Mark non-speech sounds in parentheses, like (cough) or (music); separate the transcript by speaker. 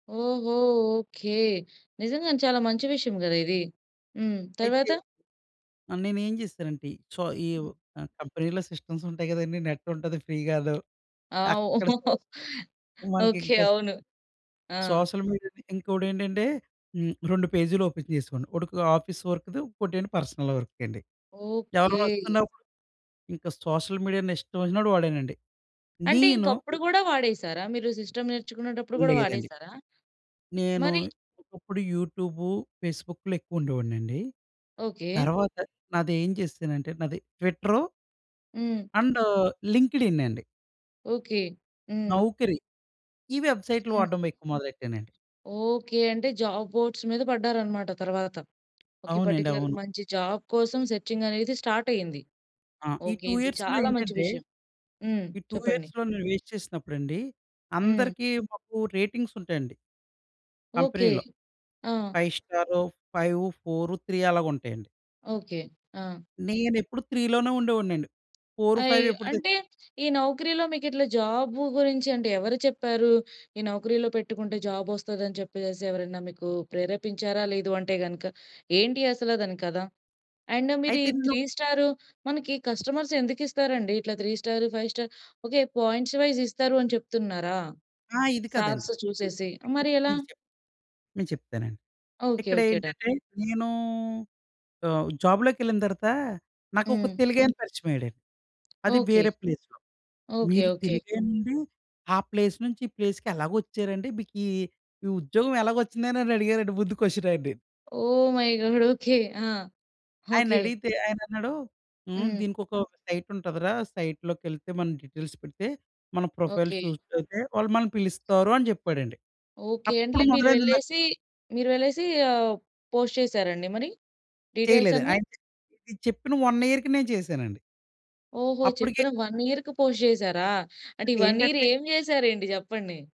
Speaker 1: ఓహో! ఓకె. నిజంగానే చాలా మంచి విషయం గద ఇది. హ్మ్.
Speaker 2: అయితే,
Speaker 1: తర్వాత
Speaker 2: ఆహ్, నేను ఏం చేశానంటే సో ఈ కంపెనీలో సిస్టమ్స్ ఉంటాయి కదండీ నెట్ ఉంటది ఫ్రీ గాను.
Speaker 1: ఆ!
Speaker 2: అక్కడ సొస్
Speaker 1: (chuckles)
Speaker 2: మనకి
Speaker 1: ఓకె,
Speaker 2: ఇంకా
Speaker 1: అవును. ఆ!
Speaker 2: సోషల్ మీడియాను ఇంకొకటేంటంటే హ్మ్, 2 పేజీలు ఓపెన్ చేసేవాడిని. ఒకటి ఆఫీస్ వర్క్‌‌ది ఇంకోటేంటి పర్సనల్ వర్క్‌కి అండి.
Speaker 1: ఓకె.
Speaker 2: ఎవరైనా వస్తున్నప్పుడు, ఇంకా సోషల్ మీడియాని ఇష్టం వచ్చినట్టు వాడేనండి.
Speaker 1: అంటే
Speaker 2: నేను
Speaker 1: ఇంకప్పుడు కూడా వాడేసారా? మీరు సిస్టమ్ నేర్చుకునేటప్పుడు కూడా
Speaker 2: లేదండి.
Speaker 1: వాడేసారా?
Speaker 2: నేను
Speaker 1: మరి?
Speaker 2: ఒకప్పుడు యూట్యూబు, ఫేస్‌బుక్‌లో ఎక్కువుండేవాడినండి.
Speaker 1: ఓకె.
Speaker 2: తరవాత నాదేం చేసానంటే నాది ట్విట్టరు...
Speaker 1: హ్మ్.
Speaker 2: అండ్ లింక్డ్ ఇన్ అండి.
Speaker 1: ఓకె. హ్మ్.
Speaker 2: నౌకరి, ఈ వెబ్‌సైట్లు
Speaker 1: హ్మ్.
Speaker 2: వాడడం ఎక్కువ మొదలెట్టేనండి.
Speaker 1: ఓకె అంటే జాబ్ బోర్డ్స్ మీద పడ్డారు అన్నమాట తరువాత ఒక
Speaker 2: అవునండి,
Speaker 1: పార్టిక్యులర్‌గా
Speaker 2: అవును.
Speaker 1: మంచి జాబ్ కోసం సర్చింగ్ అనేది స్టార్ట్ అయింది.
Speaker 2: ఆ! ఈ
Speaker 1: ఓకె,
Speaker 2: 2
Speaker 1: ఇది
Speaker 2: యియర్స్‌లో
Speaker 1: చాలా మంచి
Speaker 2: ఏంటంటే,
Speaker 1: విషయం. హ్మ్,
Speaker 2: ఈ 2
Speaker 1: చెప్పండి.
Speaker 2: యియర్స్‌లో నేను వెయిట్ చేసినప్పుడండి
Speaker 1: హ్మ్.
Speaker 2: అందరికి మాకు రేటింగ్స్ ఉంటాయండి.
Speaker 1: ఓకె.
Speaker 2: కంపెనీలో
Speaker 1: ఆ!
Speaker 2: 5 స్టారు 5, 4, 3 అలాగుంటాయండి.
Speaker 1: ఓకె. ఆ!
Speaker 2: నేనెప్పుడు 3 లోనే ఉండేవాడినండి. ఫోరు
Speaker 1: అయో!
Speaker 2: ఫైవ్ ఎప్పుడుతె
Speaker 1: అంటే ఈ నౌకరీలో మీకిట్లా జాబు గురించి అంటే ఎవరు చెప్పారు? ఈ నౌకరీలో పెట్టుకుంటే జాబ్ వస్తదని చెప్పేసి ఎవరైనా మీకు ప్రేరేపించారా? లేదు అంటే కనుక ఏంటి అసలు దాని కథ? అండ్ మీరు
Speaker 2: అయితే
Speaker 1: ఈ
Speaker 2: నేను
Speaker 1: 3 స్టారు, మనకి కస్టమర్స్ ఎందుకు ఇస్తారండి ఇట్లా 3 star, 5 star? Okay, points wise ఇస్తారని చెప్తున్నారా
Speaker 2: ఆ! ఇది కాదండి.
Speaker 1: స్టార్స్ చూసేసి?
Speaker 2: మీకు
Speaker 1: మరి ఎలా?
Speaker 2: చెప్తాను. నేను చెప్తానండి.
Speaker 1: Okay okay. డన్.
Speaker 2: ఇక్కడేంటంటే నేనూ ఆహ్, జాబ్‌లోకెళ్ళిన తర్వాత నాకొక
Speaker 1: హ్మ్.
Speaker 2: తెలుగాయన పరిచయమయ్యాడండి. అది
Speaker 1: ఓకె.
Speaker 2: వేరే ప్లేస్‌లో.
Speaker 1: ఓకె
Speaker 2: మీరు
Speaker 1: ఓకె.
Speaker 2: తెలుగే అండి ఆ ప్లేస్ నుంచి ఈ ప్లేస్‌కి ఎలాగొచ్చారండి? మీకీ ఈ ఉద్యోగం ఎలాగొచ్చిందని అడిగారండి ముందు క్వెషన్ ఆయన్ని.
Speaker 1: ఓహ్! My god! ఓకె. ఆ!
Speaker 2: ఆయన
Speaker 1: ఓకె.
Speaker 2: అడిగితే ఆయనన్నాడు హ్మ్,
Speaker 1: హ్మ్.
Speaker 2: దీనికొక సైట్ ఉంటదిరా సైట్‌లోకెళ్తే మనం డీటెయిల్స్ పెడితే మన ప్రొఫైల్
Speaker 1: ఓకె.
Speaker 2: సూట్ అవుతే వాళ్ళు మనల్ని పిలుస్తారు అని చెప్పాడండి.
Speaker 1: ఓకె
Speaker 2: అప్పుడు
Speaker 1: అంటే మీరు
Speaker 2: మొదలైంది నాకు
Speaker 1: వెళ్ళేసి, మీరు వెళ్ళేసి ఆహ్, పోస్ట్ చేసారండి మరి? డీటెయిల్స్
Speaker 2: చేయలేదు.
Speaker 1: అన్ని.
Speaker 2: ఇది చెప్పిన 1 ఇయర్‌కి నేను చేశానండి.
Speaker 1: ఓహో!
Speaker 2: అప్పటికే
Speaker 1: చెప్పిన 1 ఇయర్‌కి పోస్ట్ చేసారా? అంటే ఈ 1 ఇయర్
Speaker 2: ఏంటంటే
Speaker 1: ఏం చేసారేంటి చెప్పండి?